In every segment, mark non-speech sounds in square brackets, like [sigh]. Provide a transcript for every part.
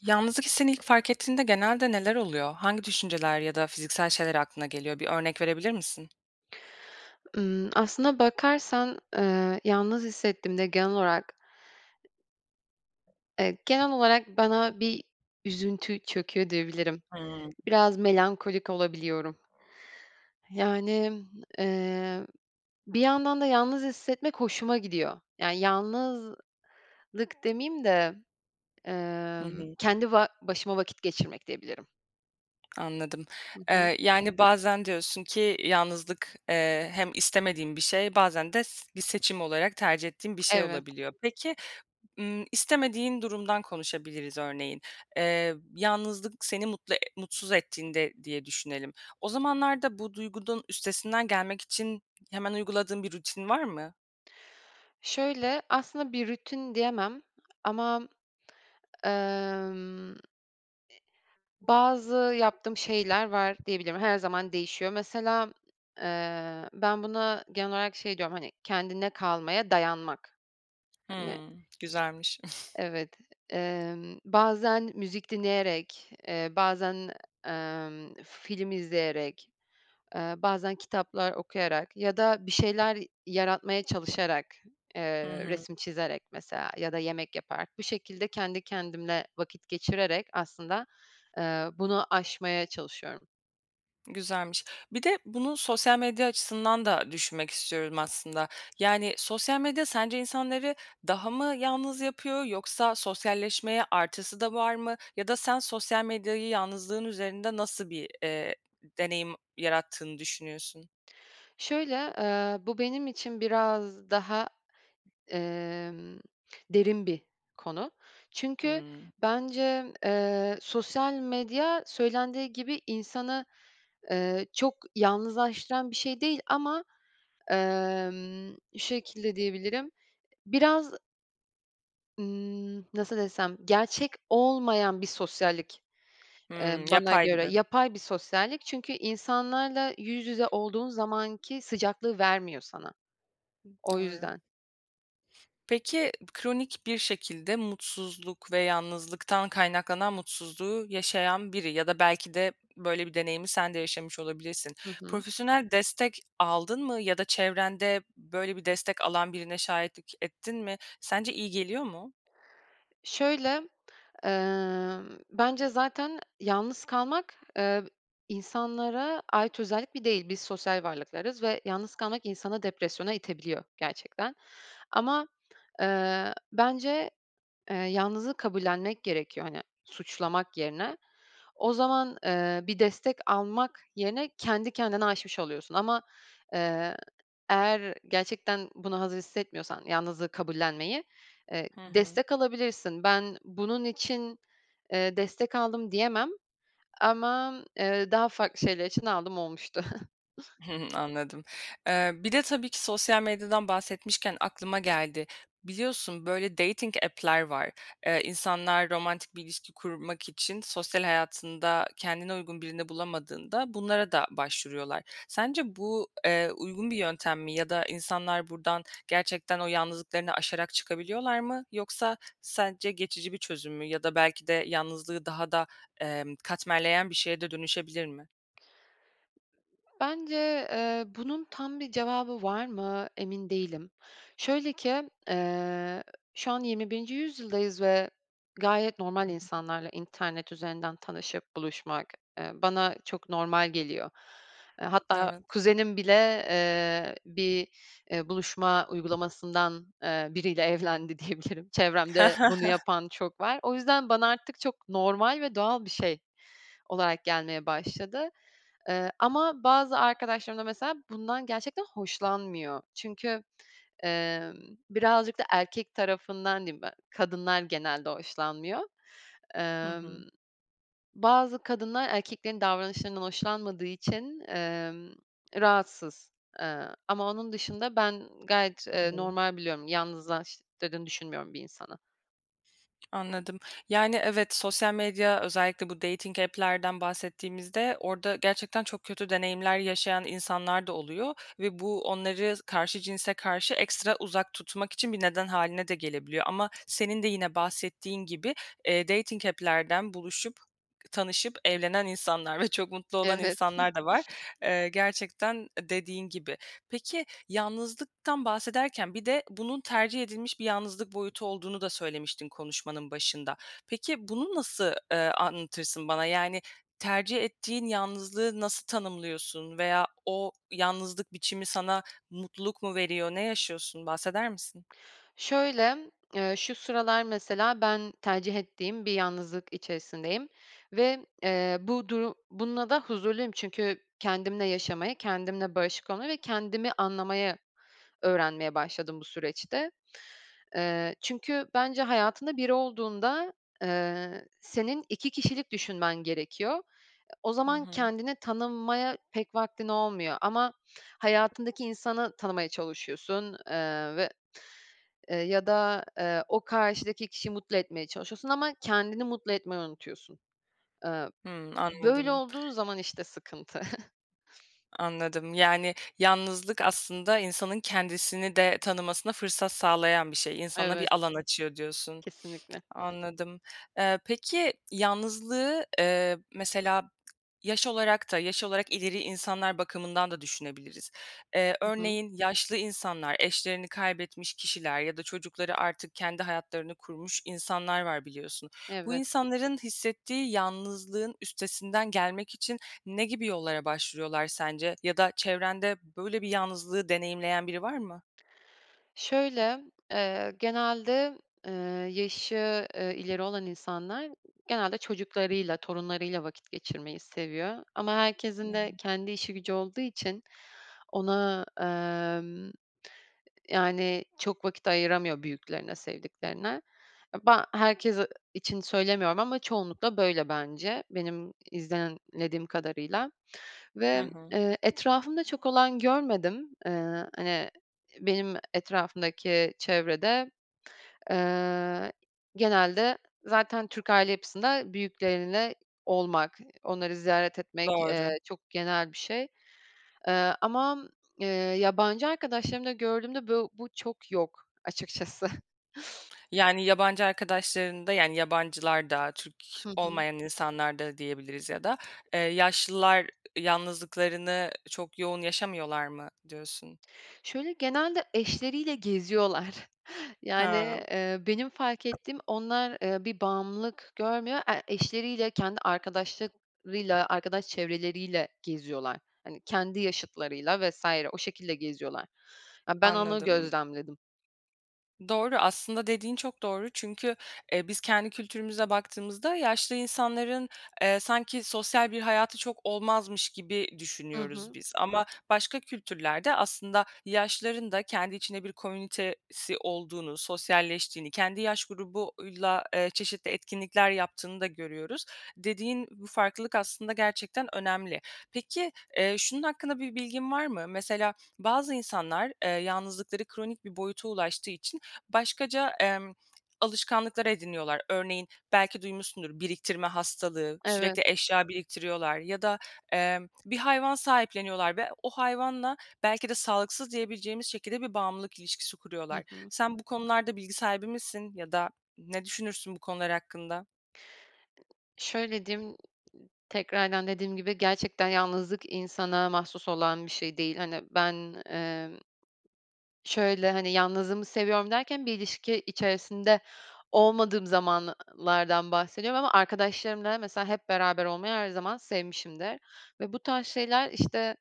Yalnızlık hissini ilk fark ettiğinde genelde neler oluyor, hangi düşünceler ya da fiziksel şeyler aklına geliyor, bir örnek verebilir misin? Iıı, aslında bakarsan, eee, yalnız hissettiğimde genel olarak evet, genel olarak bana bir üzüntü çöküyor diyebilirim. Hımm. Biraz melankolik olabiliyorum. Yani, eee, bir yandan da yalnız hissetmek hoşuma gidiyor. Yani, yalnızlık demiyim de, Hı emm, hı. kendi ba başıma vakit geçirmek diyebilirim. [clicks tongue] Anladım. Hı hı. Eee, yani, bazen diyorsun ki yalnızlık, eee, hem istemediğim bir şey bazen de s bir seçim olarak tercih ettiğin bir şey [clicks tongue] Evet. olabiliyor. Peki, ımm, istemediğin durumdan konuşabiliriz örneğin. Eee, yalnızlık seni mutlu e mutsuz ettiğinde diye düşünelim. O zamanlarda bu duygunun üstesinden gelmek için hemen uyguladığın bir rutin var mı? Şöyle aslında bir rutin diyemem ama, emm,e bazı yaptığım şeyler var diyebilirim, her zaman değişiyor. Mesela, eee, ben buna genel olarak şey diyorum, hani, kendine kalmaya dayanmak. Hani Hımm. Güzelmiş. [chuckles] evet. Emm, bazen müzik dinleyerek, eee, bazen, emm, film izleyerek, eee, bazen kitaplar okuyarak ya da bir şeyler yaratmaya çalışarak, Hı eee, hı. resim çizerek mesela ya da yemek yaparak, bir şekilde kendi kendimle vakit geçirerek aslında, eee, bunu aşmaya çalışıyorum. Güzelmiş. Bir de bunu sosyal medya açısından da düşünmek istiyorum aslında. Yani, sosyal medya sence insanları daha mı yalnız yapıyor yoksa sosyalleşmeye artısı da var mı? Ya da sen sosyal medyayı yalnızlığın üzerinde nasıl bir, eee, deneyim yarattığını düşünüyorsun? Şöyle, eee, bu benim için biraz daha, emm, derin bir konu. Çünkü Hımm. bence, eee, sosyal medya söylendiği gibi insanı, eee, çok yalnızlaştıran bir şey değil ama, emm, şu şekilde diyebilirim, biraz Imm, nasıl desem, gerçek olmayan bir sosyallik, eee, Hımm. [clicks tongue] bana Yapay göre gibi. yapay bir sosyallik, çünkü insanlarla yüz yüze olduğun zamanki sıcaklığı vermiyor sana. [clicks tongue] O Doğru. yüzden. Peki, kronik bir şekilde mutsuzluk ve yalnızlıktan kaynaklanan mutsuzluğu yaşayan biri ya da belki de böyle bir deneyimi sen de yaşamış olabilirsin. Hı hı. Profesyonel destek aldın mı ya da çevrende böyle bir destek alan birine şahitlik ettin mi? Sence iyi geliyor mu? Şöyle, emm, bence zaten yalnız kalmak, eee, insanlara ait özellik bir değil. Biz sosyal varlıklarız ve yalnız kalmak insanı depresyona itebiliyor gerçekten ama, eee, bence, eee, yalnızlığı kabullenmek gerekiyor, hani, suçlamak yerine. O zaman, eee, bir destek almak yerine kendi kendine aşmış oluyorsun ama, eee, eğer gerçekten buna hazır hissetmiyorsan yalnızlığı kabullenmeyi, eee, Hı hı. destek alabilirsin. Ben bunun için, eee, destek aldım diyemem ama, eee, daha farklı şeyler için aldığım olmuştu. [chuckles] [chuckles] Anladım. Eee, bir de tabii ki sosyal medyadan bahsetmişken aklıma geldi. Biliyorsun, böyle, dating app'ler var. Eee, insanlar romantik bir ilişki kurmak için sosyal hayatında kendine uygun birini bulamadığında bunlara da başvuruyorlar. Sence bu, eee, uygun bir yöntem mi ya da insanlar buradan gerçekten o yalnızlıklarını aşarak çıkabiliyorlar mı? Yoksa sence geçici bir çözüm mü ya da belki de yalnızlığı daha da, emm, katmerleyen bir şeye de dönüşebilir mi? Bence, eee, bunun tam bir cevabı var mı, emin değilim. Şöyle ki, eee, şu an 21'nci yüzyıldayız ve gayet normal, insanlarla internet üzerinden tanışıp buluşmak, eee, bana çok normal geliyor. Eee, hatta Evet. kuzenim bile, eee, bir, eee, buluşma uygulamasından, eee, biriyle evlendi diyebilirim. [chuckles] Çevremde bunu [chuckles] yapan çok var. O yüzden bana artık çok normal ve doğal bir şey olarak gelmeye başladı. Eee, ama bazı arkadaşlarım da mesela bundan gerçekten hoşlanmıyor. Çünkü, emm, birazcık da erkek tarafından diyeyim, [unintelligible] kadınlar genelde hoşlanmıyor. Hı Emm, hı. bazı kadınlar erkeklerin davranışlarından hoşlanmadığı için, emm, rahatsız, eee, ama onun dışında ben gayet, Hı eee, hı. normal biliyorum. Yalnızlaştırdığını düşünmüyorum bir insanı. Anladım. Yani, evet sosyal medya özellikle bu dating app'lerden bahsettiğimizde orada gerçekten çok kötü deneyimler yaşayan insanlar da oluyor ve bu, onları karşı cinse karşı ekstra uzak tutmak için bir neden hâline de gelebiliyor ama senin de yine bahsettiğin gibi, eee, dating app'lerden buluşup, tanışıp evlenen insanlar ve çok mutlu olan Evet. [giggles] insanlar da var. Eee, gerçekten, eee, dediğin gibi. Peki, yalnızlıktan bahsederken bir de bunun tercih edilmiş bir yalnızlık boyutu olduğunu da söylemiştin konuşmanın başında. Peki, bunu nasıl, eee, anlatırsın bana? Yani, tercih ettiğin yalnızlığı nasıl tanımlıyorsun veya o yalnızlık biçimi sana mutluluk mu veriyor? Ne yaşıyorsun? Bahseder misin? Şöyle, eee, şu sıralar mesela ben tercih ettiğim bir yalnızlık içerisindeyim ve, eee, bu duru bununla da huzurluyum. Çünkü kendimle yaşamaya, kendimle barışık olmaya ve kendimi anlamayı öğrenmeye başladım bu süreçte. Eee, çünkü bence hayatında biri olduğunda, eee, senin 2 kişilik düşünmen gerekiyor. O Hı zaman hı. kendini tanımaya pek vaktin olmuyor ama hayatındaki insanı tanımaya çalışıyorsun, eee, ve, eee, ya da, eee, o karşıdaki kişiyi mutlu etmeye çalışıyorsun ama kendini mutlu etmeyi unutuyorsun. Eee, Hımm, böyle anladım. olduğu zaman işte sıkıntı. [chuckles] Anladım. Yani, yalnızlık aslında insanın kendisini de tanımasına fırsat sağlayan bir şey. İnsana Evet. bir alan açıyor, diyorsun. Kesinlikle. Anladım. Eee, peki, yalnızlığı, eee, mesela yaş olarak da yaş olarak ileri insanlar bakımından da düşünebiliriz. Eee, Hı hı. örneğin yaşlı insanlar, eşlerini kaybetmiş kişiler ya da çocukları artık kendi hayatlarını kurmuş insanlar var biliyorsun. Bu Evet. insanların hissettiği yalnızlığın üstesinden gelmek için ne gibi yollara başvuruyorlar sence ya da çevrende böyle bir yalnızlığı deneyimleyen biri var mı? Şöyle, eee, genelde, eee, yaşı, eee, ileri olan insanlar, genelde çocuklarıyla, torunlarıyla vakit geçirmeyi seviyor. Ama herkesin de [unintelligible] kendi işi gücü olduğu için ona, emm, yani, çok vakit ayıramıyor büyüklerine, sevdiklerine. [unintelligible] Herkes için söylemiyorum ama çoğunlukla böyle bence. Benim izlemlediğim kadarıyla Hı ve, hı. eee, etrafımda çok olan görmedim. Eee, hani, benim etrafımdaki çevrede, eee, genelde zaten Türk aile yapısında büyükleriyle olmak, onları ziyaret etmek, eee, Doğru. çok genel bir şey. Eee, ama, eee, yabancı arkadaşlarımda gördüğümde bö bu çok yok açıkçası. Yani, yabancı arkadaşlarında, yani, yabancılarda, Türk Hı hı. olmayan insanlarda diyebiliriz ya da, eee, yaşlılar yalnızlıklarını çok yoğun yaşamıyorlar mı diyorsun? Şöyle genelde eşleriyle geziyorlar. Yani, Hıı. eee, benim fark ettiğim onlar, eee, bir bağımlılık görmüyor. E eşleriyle, kendi arkadaşlıklarıyla, arkadaş çevreleriyle geziyorlar. Hani, kendi yaşıtlarıyla vs. o şekilde geziyorlar. Ya, ben onu Anladım. gözlemledim. Doğru. Aslında dediğin çok doğru. Çünkü, eee, biz, kendi kültürümüze baktığımızda yaşlı insanların, eee, sanki sosyal bir hayatı çok olmazmış gibi Hı düşünüyoruz hı. biz ama başka kültürlerde aslında yaşlıların da kendi içinde bir komünitesi olduğunu, sosyalleştiğini, kendi yaş grubuyla, eee, çeşitli etkinlikler yaptığını da görüyoruz. Dediğin bu farklılık aslında gerçekten önemli. Peki, eee, şunun hakkında bir bilgin var mı? Mesela bazı insanlar, eee, yalnızlıkları kronik bir boyuta ulaştığı için başkaca, emm, alışkanlıkları ediniyorlar. Örneğin, belki duymuşsundur; biriktirme hastalığı, Evet. sürekli eşya biriktiriyorlar ya da, eee, bir hayvan sahipleniyorlar ve o hayvanla belki de sağlıksız diyebileceğimiz şekilde bir bağımlılık ilişkisi kuruyorlar. Hı hı. Sen, bu konularda bilgi sahibi misin ya da ne düşünürsün bu konular hakkında? Şöyle diyeyim; ııı, tekrardan dediğim gibi gerçekten yalnızlık insana mahsus olan bir şey değil. Hani ben, emm, şöyle, hani, yalnızlığımı seviyorum derken bir ilişki içerisinde olmadığım zamanlardan bahsediyorum ama arkadaşlarımla mesela hep beraber olmayı her zaman sevmişimdir ve bu tarz şeyler, işte,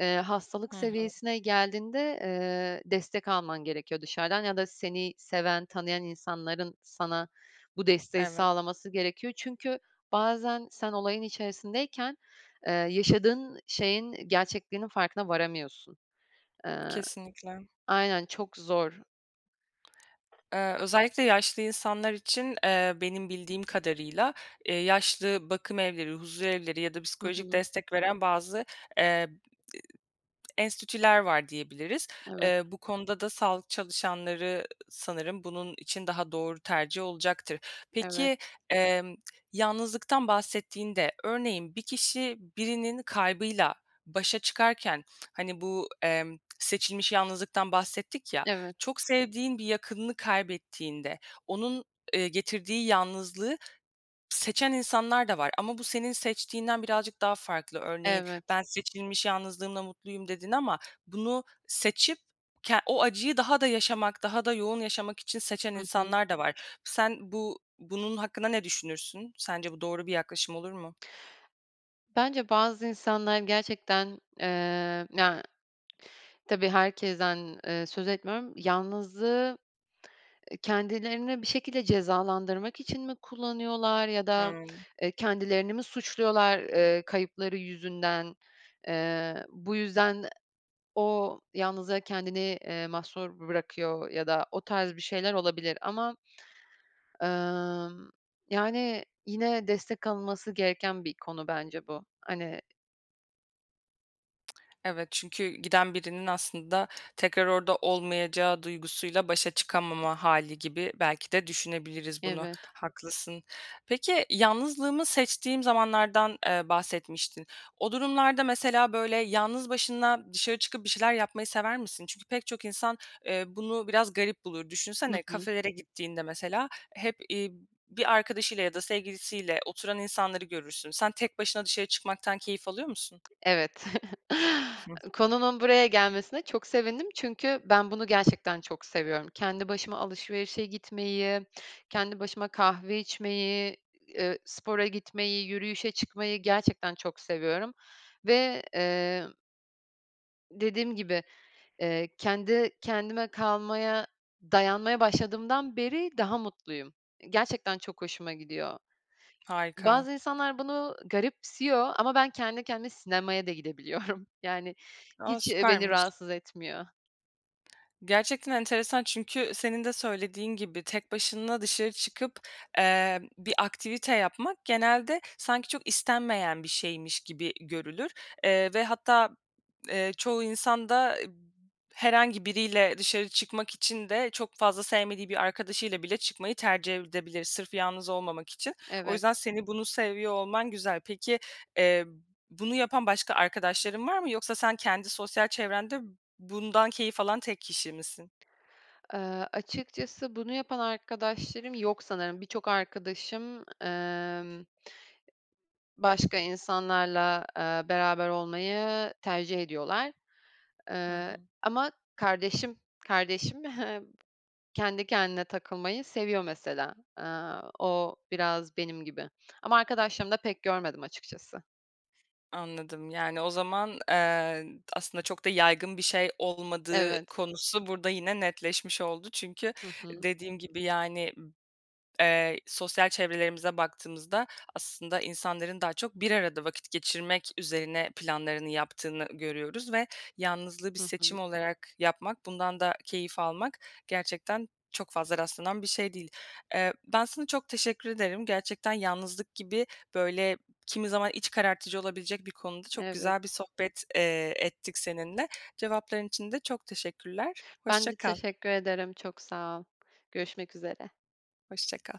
eee, hastalık Hı hı. seviyesine geldiğinde, eee, destek alman gerekiyor dışarıdan ya da seni seven, tanıyan insanların sana bu desteği Evet. sağlaması gerekiyor. Çünkü bazen sen olayın içerisindeyken, eee, yaşadığın şeyin gerçekliğinin farkına varamıyorsun, ııı, Kesinlikle. aynen. Çok zor. [smacks lips] Eee, özellikle yaşlı insanlar için, eee, benim bildiğim kadarıyla, eee, yaşlı bakımevleri, huzurevleri ya da Hı psikolojik hı. destek veren bazı, eee, [unintelligible] enstitüler var diyebiliriz. Evet. Eee, bu konuda da sağlık çalışanları sanırım bunun için daha doğru tercih olacaktır. Evet. Peki, emm, [smacks lips] yalnızlıktan bahsettiğinde, örneğin bir kişi birinin kaybıyla başa çıkarken, hani, bu, emm, seçilmiş yalnızlıktan bahsettik ya, Evet. çok sevdiğin bir yakınını kaybettiğinde onun, eee, getirdiği yalnızlığı seçen insanlar da var ama bu senin seçtiğinden birazcık daha farklı. Örneğin, Evet. ben seçilmiş yalnızlığımla mutluyum dedin ama bunu seçip ke o acıyı daha da yaşamak, daha da yoğun yaşamak için seçen Hı hı. insanlar da var. Sen bu, bunun hakkında ne düşünürsün? Sence bu doğru bir yaklaşım olur mu? Bence bazı insanlar gerçekten, eee, na tabii herkesten, eee, söz etmiyorum. Yalnızlığı, eee, kendilerini bir şekilde cezalandırmak için mi kullanıyorlar ya da, Hıı. eee, kendilerini mi suçluyorlar, eee, kayıpları yüzünden? Eee, bu yüzden e o yalnızlığa kendini, eee, mahsur bırakıyor ya da o tarz bir şeyler olabilir. Ama, ımm, yani, yine destek alınması gereken bir konu bence bu, hani [tsk] Evet çünkü giden birinin aslında tekrar orada olmayacağı duygusuyla başa çıkamama hâli gibi belki de düşünebiliriz bunu. Evet. Haklısın. Peki, yalnızlığımı seçtiğim zamanlardan, eee, bahsetmiştin. O durumlarda, mesela, böyle, yalnız başına dışarı çıkıp bir şeyler yapmayı sever misin? Çünkü pek çok insan, eee, bunu biraz garip bulur. Hı Düşünsene, hı. kafelere gittiğinde, mesela, hep, iii, bir arkadaşıyla ya da sevgilisiyle oturan insanları görürsün. Sen tek başına dışarı çıkmaktan keyif alıyor musun? Evet. [chuckles] Konunun buraya gelmesine çok sevindim çünkü ben bunu gerçekten çok seviyorum. Kendi başıma alışverişe gitmeyi, kendi başıma kahve içmeyi, ııı, spora gitmeyi, yürüyüşe çıkmayı gerçekten çok seviyorum ve, eee dediğim gibi, eee, kendi kendime kalmaya, dayanmaya başladığımdan beri daha mutluyum. Gerçekten çok hoşuma gidiyor. Harika. Bazı insanlar bunu garipsiyor ama ben kendi kendime sinemaya da gidebiliyorum. Yani, A, hiç, eee, beni süpermiş. rahatsız etmiyor. Gerçekten enteresan çünkü senin de söylediğin gibi, tek başına dışarı çıkıp, eee, bir aktivite yapmak genelde sanki çok istenmeyen bir şeymiş gibi görülür. Eee, ve hatta, eee, çoğu insan da eb herhangi biriyle dışarı çıkmak için de çok fazla sevmediği bir arkadaşıyla bile çıkmayı tercih edebilir sırf yalnız olmamak için. O Evet. yüzden seni bunu seviyor olman güzel. Peki, eee, bunu yapan başka arkadaşların var mı? Yoksa sen kendi sosyal çevrende bundan keyif alan tek kişi misin? Eee, açıkçası bunu yapan arkadaşlarım yok sanırım, birçok arkadaşım, emm başka insanlarla, eee, beraber olmayı tercih ediyorlar. Hı Eee, hı. ama kardeşim, kardeşim he kendi kendine takılmayı seviyor mesela. Eee, o biraz benim gibi ama arkadaşlarımda pek görmedim açıkçası. Anladım. Yani, o zaman, eee, aslında çok da yaygın bir şey olmadığı Evet. konusu burada yine netleşmiş oldu. Çünkü Hı hı. dediğin gibi, yani, eee, sosyal çevrelerimize baktığımızda aslında insanların daha çok bir arada vakit geçirmek üzerine planlarını yaptığını görüyoruz ve yalnızlığı bir Hı seçim hı. olarak yapmak, bundan da keyif almak gerçekten çok fazla rastlanan bir şey değil. Eee, ben sana çok teşekkür ederim. Gerçekten yalnızlık gibi böyle kimi zaman iç karartıcı olabilecek bir konuda çok Evet. güzel bir sohbet, eee, ettik seninle. Cevapların için de çok teşekkürler. Ben Hoşça de kal. teşekkür ederim çok sağ ol. Görüşmek üzere. Hoşça kal.